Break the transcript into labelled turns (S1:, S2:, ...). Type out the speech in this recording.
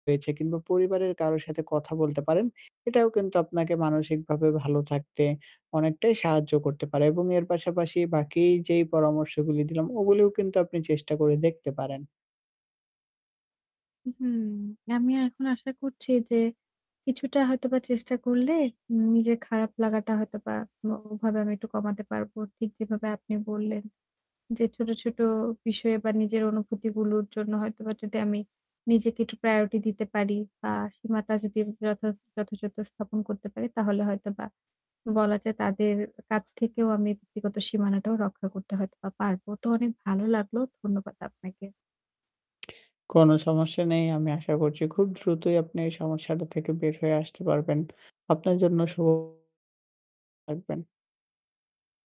S1: রয়েছে কিংবা পরিবারের কারো সাথে কথা বলতে পারেন। এটাও কিন্তু আপনাকে মানসিকভাবে ভালো থাকতে অনেকটাই সাহায্য করতে পারে এবং এর পাশাপাশি বাকি যেই পরামর্শগুলি দিলাম ওগুলিও কিন্তু আপনি চেষ্টা করে দেখতে পারেন।
S2: হুম, আমি এখন আশা করছি যে কিছুটা হয়তোবা চেষ্টা করলে নিজের খারাপ লাগাটা হয়তোবা অ ওভাবে আমি একটু কমাতে পারবো। ঠিক যেভাবে আপনি বললেন যে ছোট, ছোট বিষয়ে বা নিজের অনুভূতিগুলোর জন্য হয়তোবা যদি আমি নিজেকে একটু priority দিতে পারি বা সীমাটা যদি যথা যথাযথ স্থাপন করতে পারি তাহলে হয়তোবা বলা যায় তাদের কাছ থেকেও আমি ব্যক্তিগত সীমানাটাও রক্ষা করতে হয়তোবা পারবো। তো অনেক ভালো লাগলো। ধন্যবাদ আপনাকে।
S1: কোনো সমস্যা নেই। আমি আশা করছি খুব দ্রুতই আপনি এই সমস্যাটা থেকে বের হয়ে আসতে পারবেন। আপনার জন্য শুভ। থাকবেন।